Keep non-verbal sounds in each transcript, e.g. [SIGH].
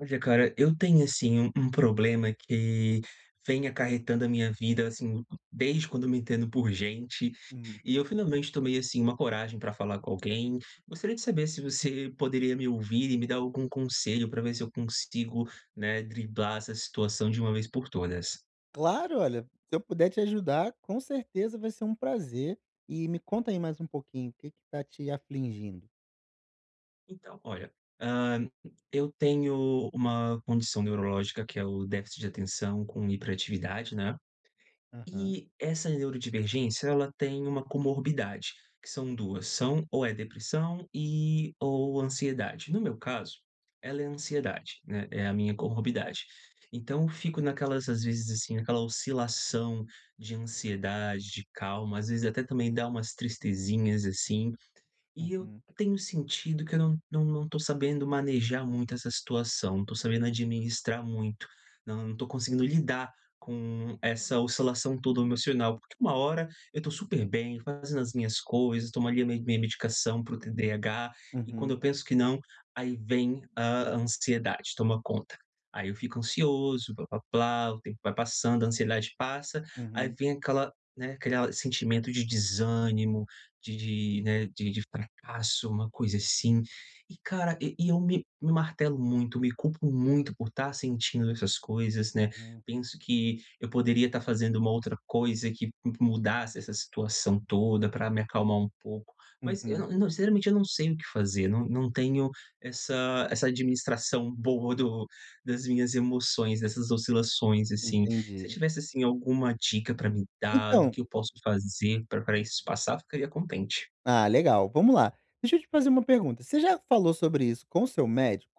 Olha cara, eu tenho, assim, um um problema que vem acarretando a minha vida, assim, d desde quando me entendo por gente, Hum. e eu finalmente tomei, assim, uma coragem pra falar com alguém. Gostaria de saber se você poderia me ouvir e me dar algum conselho para ver se eu consigo, né, driblar essa situação de uma vez por todas. Claro! Olha, se eu puder te ajudar, com certeza vai ser um prazer. E, me conta aí mais pouquinho, o que que tá te afligindo? Então, olha, hã eu tenho uma condição neurológica que é o déficit de atenção com hiperatividade, né. Aham. E essa neurodivergência ela tem uma comorbidade, que são duas: "São ou é depressão e, ou ansiedade." No meu caso, ela é ansiedade, né, é a minha comorbidade. Então eu fico naquelas às vezes, assim, naquela oscilação de ansiedade, de calma, às vezes até também dá umas tristezinhas, assim, e eu Uhum. tenho sentido que eu não não não tô sabendo manejar muito essa situação, não tô sabendo administrar muito, não não tô conseguindo lidar com essa oscilação toda emocional. Porque uma hora, eu tô super bem fazendo as minhas coisas, tomo ali a mi minha medicação para o TDAH, e quando Uhum. eu penso que não, aí vem a ansiedade, toma conta. Aí eu fico ansioso, plá plá plá, o tempo vai passando, a ansiedade passa, aí Uhum. vem aquela, né, criar sentimento de desânimo, de de, né, de de fracasso, uma coisa assim. E cara, e e eu me me martelo muito, me culpo muito por tá sentindo essas coisas, né. Uhum. Penso que eu poderia tá fazendo uma outra coisa que mu mudasse essa situação toda pra me acalmar um pouco. Mas eu Uhum. não eu não sinceramente, eu não sei o que fazer, não não tenho essa essa administração boa do das minhas emoções, dessas oscilações, assim. Se você Entendi. tivesse, assim, alguma dica pra me dar, do Então que eu posso fazer pra pra isso passar, ficaria contente. Ah legal, vamos lá. Deixa eu te fazer uma pergunta. Você já falou sobre isso com o seu médico?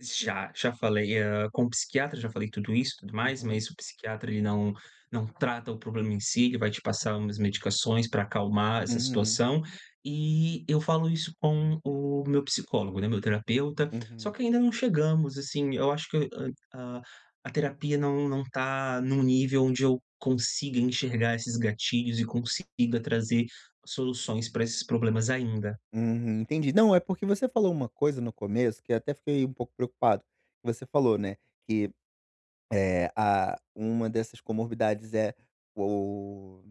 Já, já falei, hã, com o psiquiatra já falei tudo isso e tudo mais, Uhum. mas o psiquiatra ele não não trata o problema em si, ele vai te passar umas medicações pra acalmar essa Uhum. situação. E eu falo isso com o meu psicólogo, né, meu terapeuta, só Uhum. que ainda não chegamos, assim, eu acho que, ah, a a terapia não não tá num nível onde eu consiga enxergar esses gatilhos e consiga trazer soluções pra esses problemas ainda. Uhum, entendi. Não, é porque você falou uma coisa no começo, que até fiquei um pouco preocupado. Você falou, né, que, eh, ah, uma dessas comorbidades é, o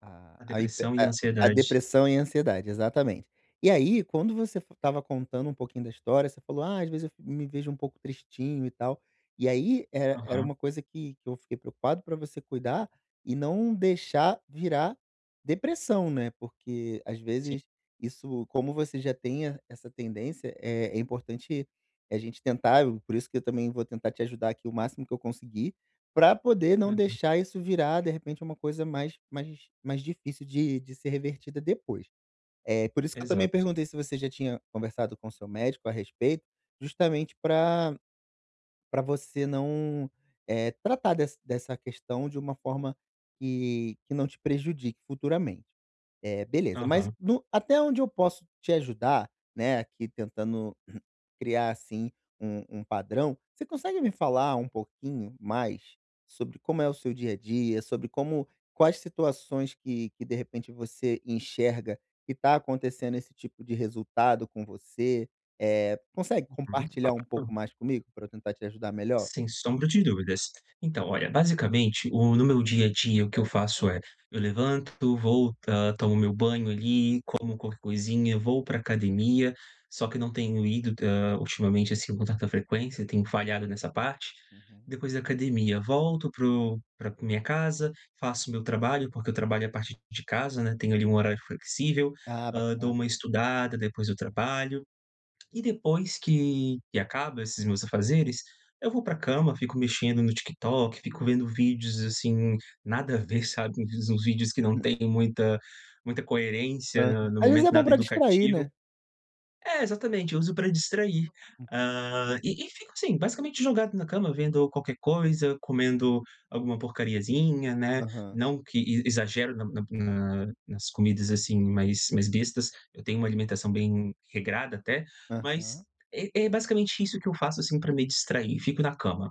a A a hiper depressão e a a a ansiedade. depressão e a ansiedade, exatamente. E, aí, quando você f estava contando um pouquinho da história, você falou: "Ah, às vezes eu fic me vejo um pouco tristinho e tal", e aí, er era Aham. uma coisa que que eu fiquei preocupado pra você cuidar e não deixar virar depressão, né? Porque, às Sim. vezes, isso, como você já tem e essa tendência, é é importante a gente tentar, e por isso que eu também vou tentar te ajudar aqui o máximo que eu conseguir, pra poder não Uhum. deixar isso virar, de repente, uma coisa mais mais mais difícil de de ser revertida depois. Eh, por isso que eu também Exato. perguntei se você já tinha conversado com seu médico a respeito, justamente pra pra você não, eh, tratar des dessa questão de uma forma que que não te prejudique futuramente. Eh, beleza, mas Aham. no até onde eu posso te ajudar, né, aqui tentando [CLEARS THROAT] criar, assim, u um padrão, você consegue me falar um pouquinho mais sobre como é o seu dia a dia, sobre como quais situações que que, de repente, você enxerga que tá acontecendo esse tipo de resultado com você? Eh, consegue Aham. compartilhar um pouco Claro. mais comigo, pra eu tentar te ajudar melhor? Sem sombra de dúvidas. Então, olha, basicamente, o no meu dia a dia, o que eu faço é: eu levanto, volta, tomo meu banho, ali, como qualquer coisinha, vou pra academia. Só que não tenho ido, hã, ultimamente, assim, com tanta frequência, tenho falhado nessa parte. Uhum. Depois da academia volto para o pra minha casa, faço meu trabalho, porque eu trabalho a partir de casa, né, tenho, ali, um horário flexível, Ah, hã, dou bacana. uma estudada, depois eu trabalho. E depois que que acaba esses meus afazeres, eu vou pra cama, fico mexendo no TikTok, fico vendo vídeos, assim, nada a ver, sabe, um vi uns vídeos que não Hum. têm muita muita coerência, na Aham. no Às vezes momento, é bom nada pra distrair, educativo né? É, exatamente, eu uso pra distrair. Uhum. Hã, e e fico assim, basicamente jogado na cama vendo qualquer coisa, comendo alguma porcariazinha, né. Aham. Não que e exagero na na nas comidas, assim, mais mais bestas, eu tenho uma alimentação bem regrada até, mas Aham. é é basicamente isso que eu faço, assim, pra me distrair: fico na cama,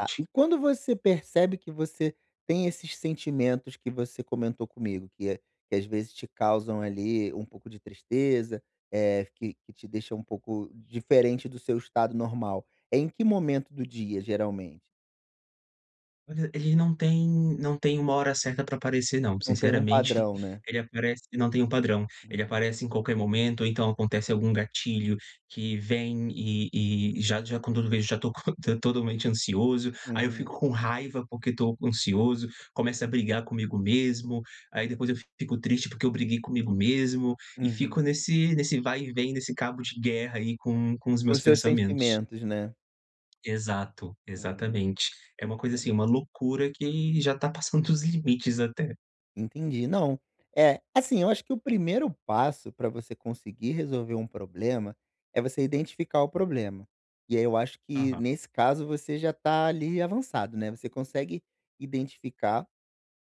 Ah, e quando você percebe que você tem esses sentimentos que você comentou comigo, que a que às vezes te causam, ali, um pouco de tristeza, eh, que que te deixa um pouco diferente do seu estado normal. É em que momento do dia, geralmente? Olha, ele não tem não tem uma hora certa pra aparecer não. Não tem um Sinceramente, padrão, né? ele aparece não tem um padrão. Ele Uhum. aparece em qualquer momento, ou então acontece algum gatilho que vem e e já já com todo [UNINTELLIGIBLE] [LAUGHS] tô totalmente ansioso. Aí eu fico Uhum. com raiva porque tô ansioso, começo a brigar comigo mesmo. Aí, depois, eu fico triste porque eu briguei comigo mesmo. E Uhum. fico nesse nesse vai e vem, nesse cabo de guerra aí com com os Com meus os seus pensamentos. sentimentos, né? Exato, Uhum, exatamente. É uma coisa entendo. assim, uma loucura, que já tá passando dos limites até. Entendi. Não. É, assim, eu acho que o primeiro passo pra você conseguir resolver um problema é você identificar o problema. E aí eu acho que, Aham. nesse caso, você já tá, ali, avançado, né. Você consegue identificar,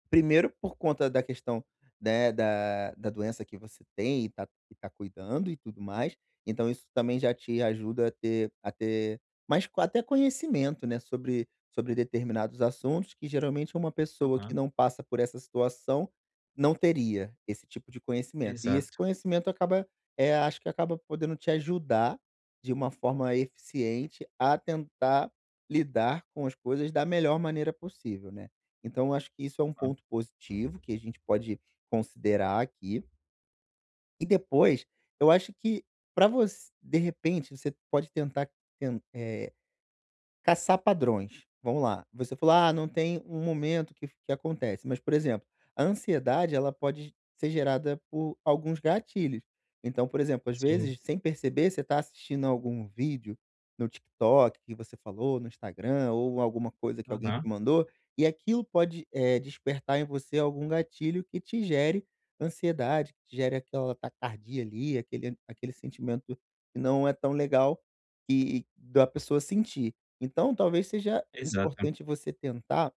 primeiro por conta da questão, né, da da doença que você tem e tá e tá cuidando e tudo mais. Então isso também já te ajuda a ter a ter mais coa até conhecimento, né, sobre sobre determinados assuntos que, geralmente, uma pessoa que Aham. não passa por essa situação, não teria esse tipo de conhecimento. E esse Exato. conhecimento acaba, eh, acho que acaba podendo te ajudar, de uma forma eficiente, a tentar lidar com as coisas da melhor maneira possível, né. Então eu acho que isso é Hã. ponto positivo que a gente pode considerar aqui. E depois, eu acho que pra voc de repente você pode tentar ten eh, caçar padrões. Vamos lá, você falou: "Ah não tem um momento que f que acontece", mas, por exemplo, a ansiedade ela pode g ser gerada por alguns gatilhos. Então, por exemplo, às Sim. vezes, sem perceber, você tá assistindo algum vídeo no TikTok, que você falou no Instagram, ou alguma coisa que alguém Aham. te mandou, e aquilo pode, eh, despertar em você algum gatilho que te gere ansiedade, que gere aquela taquicardia ali, aquele aquele sentimento que não é tão legal que da pessoa sentir. Então talvez seja Exato. importante você tentar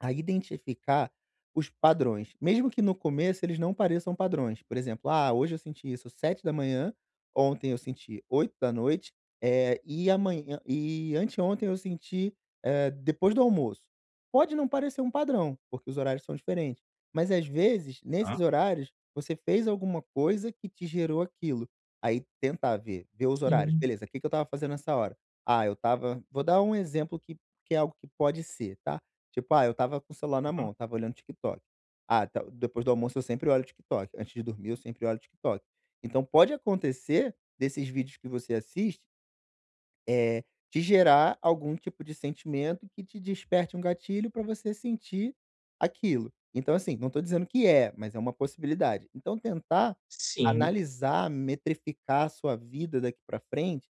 a identificar os padrões, mesmo que no começo eles não pareçam padrões. Por exemplo: "Ah, hoje eu senti isso 7:00, ontem eu senti 20:00, eh, e amanhã e anteontem eu senti, eh, depois do almoço." Pode não parecer um padrão porque os horários são diferentes, mas às vezes nesses Tá. horários, você fez alguma coisa que te gerou aquilo. Aí tentar ver ver os horários: Sim. "Beleza, que que eu estava fazendo nessa hora? Ah, eu estava" vou dar um exemplo que que é algo que pode ser, tá? Tipo: "Ah eu estava com o celular na mão, Aham. eu estava olhando TikTok. Ah, tá depois do almoço eu sempre olho TikTok, antes de dormir eu sempre olho TikTok." Então pode acontecer, desses vídeos que você assiste eh, te gerar algum tipo de sentimento que te desperte um gatilho pra você sentir aquilo. Então, assim, não tô dizendo que é, mas é uma possibilidade. Então tentar Sim. analisar, metrificar sua vida daqui pra frente,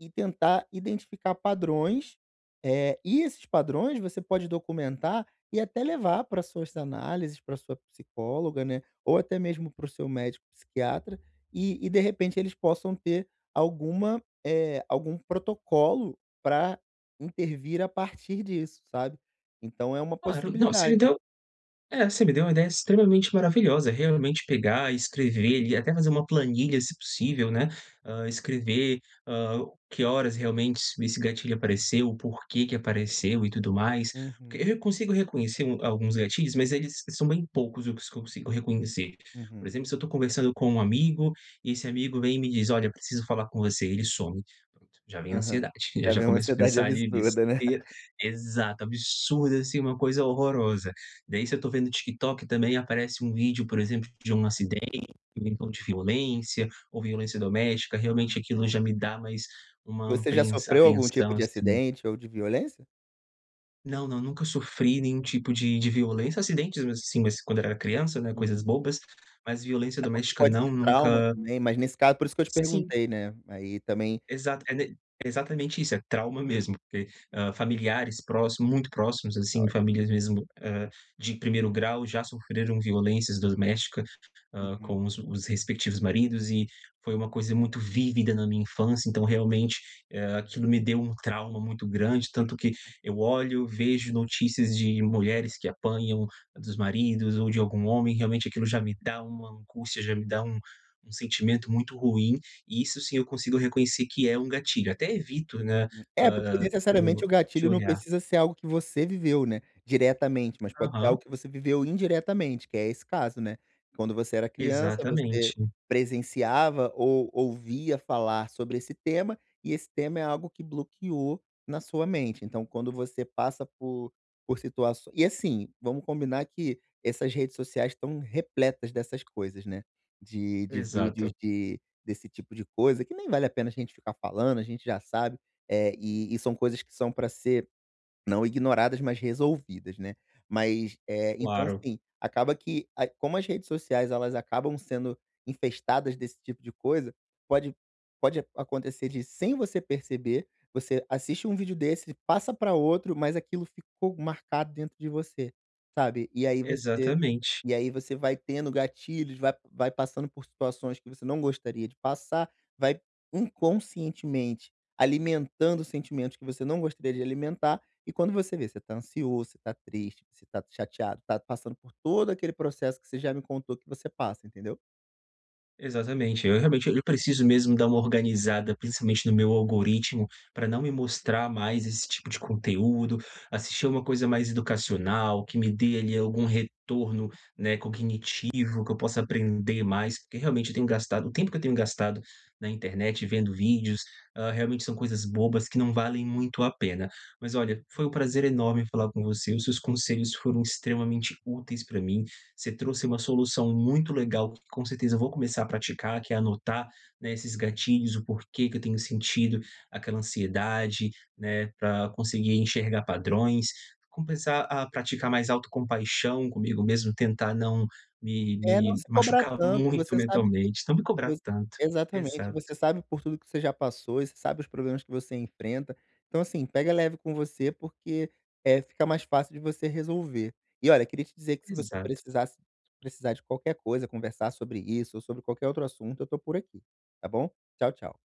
e tentar identificar padrões, eh, e esses padrões você pode documentar e até levar pra suas análises, pra sua psicóloga, né, ou até mesmo para o seu médico psiquiatra, e e de repente eles possam ter alguma, eh, algum protocolo pra intervir a partir disso, sabe. Então é uma Claro, não, você me possibilidade. deu é você me deu uma ideia extremamente maravilhosa. Realmente pegar e escrever ali, e até fazer uma planilha, se possível, né, hã, escrever, hã, que horas realmente es esse gatilho apareceu, o porquê que apareceu e tudo mais. Porque Uhum. re eu consigo reconhecer alguns um gatilhos, mas eles são bem poucos os que eu consigo reconhecer. Por Uhum. exemplo, se eu tô conversando com um amigo e esse amigo vem e me diz: "Olha, preciso falar com você." Ele some, pronto, já vem a Aham, ansiedade. já Já vem uma começo a ansiedade pensar ali absurda, né? bestei [LAUGHS] exato, absurda assim, uma coisa horrorosa. Daí, se eu tô vendo TikTok, também aparece um vídeo, por exemplo, de um acidente ou então de violência ou violência doméstica. Realmente Uhum. aquilo já me dá mais uma Você já apreens sofreu algum tipo apreensão, de assim. acidente ou de violência? Não, não. Nunca sofri nenhum tipo de de violência. Acidentes, mesmo assim, mas quando eu era criança, né? Coisas Uhum. bobas. Mas violência É, porque doméstica pode não, ser trauma nunca também, mas nesse caso por isso que eu te Sim. perguntei, né. Aí também Exata é ne exatamente isso. É trauma mesmo. Que, hã, familiares próximos muito próximos assim. [UNINTELLIGIBLE] Famílias mesmo, eh, de primeiro grau já sofreram violências doméstica, hã, Uhum. com os os respectivos maridos e foi uma coisa muito vívida na minha infância. Então, realmente, eh, aquilo me deu um trauma muito grande. Tanto que [UNINTELLIGIBLE] eu olho, vejo notícias de mulheres que apanham dos maridos ou de algum homem, realmente, aquilo já me dá uma angústia. Já me dá um um sentimento muito ruim. E isso sim eu consigo reconhecer que é um gatilho. Até evito, né, Hum. É, porque, hã, hum, necessariamente, o de gatilho não olhar. precisa ser algo que você viveu, né, diretamente, mas pode ser Aham. algo que você viveu indiretamente, que é esse caso, né? Quando você era criança, você Exatamente. presenciava ou ouvia falar sobre esse tema, e esse tema é algo que bloqueou na sua mente, então quando você passa por por situaç e assim, vamos combinar que essas redes sociais estão repletas dessas coisas, né, de de vídeos Exato. de desse tipo de coisa, que nem vale a pena a gente ficar falando. A gente já sabe, eh, e e são coisas que são pra ser não ignoradas, mas resolvidas, né? Mas, eh, então, Claro. assim, acaba que a como as redes sociais, elas acabam sendo infestadas desse tipo de coisa, pode pode acontecer de, sem você perceber, você assiste um vídeo desse, passa pra outro, mas aquilo ficou marcado dentro de você, sabe? E aí, você Exatamente. e aí, você vai tendo gatilhos, vai vai passando por situações que você não gostaria de passar, vai inconscientemente alimentando sentimentos que você não gostaria de alimentar, e quando você vê, você tá ansioso, você tá triste, você tá chateado, tá passando por todo aquele processo que você já me contou que você passa, entendeu? Exatamente, eu realmente eu preciso mesmo dar uma organizada, principalmente, no meu algoritmo pra não me mostrar mais esse tipo de conteúdo. Assistir alguma coisa mais educacional, que me dê ali algum retorno, né, cognitivo, que eu possa aprender mais. Porque, realmente, eu tenho gastado o tempo que eu tenho gastado na internet, vendo vídeos, hã, realmente são coisas bobas que não valem muito a pena. Mas, olha, foi um prazer enorme falar com você. Os seus conselhos foram extremamente úteis pra mim. Você trouxe uma solução muito legal, com certeza vou começar a praticar, que é anotar, né, esses gatilhos, o porquê que eu tenho sentido aquela ansiedade, né, pra conseguir enxergar padrões. Começar a praticar mais autocompaixão comigo mesmo. Tentar não me É, não me se cobra machucar tanto, muito você sabe que mentalmente, não me cobrar vo tanto. exatamente. Exato. Você sabe por tudo que você já passou e você sabe os problemas que você enfrenta, então assim, pega leve com você, porque, eh, fica mais fácil de você resolver. E olha, queria te dizer que se você Exato. precisasse precisar de qualquer coisa, conversar sobre isso ou sobre qualquer outro assunto, eu tô por aqui, tá bom? Tchau, tchau.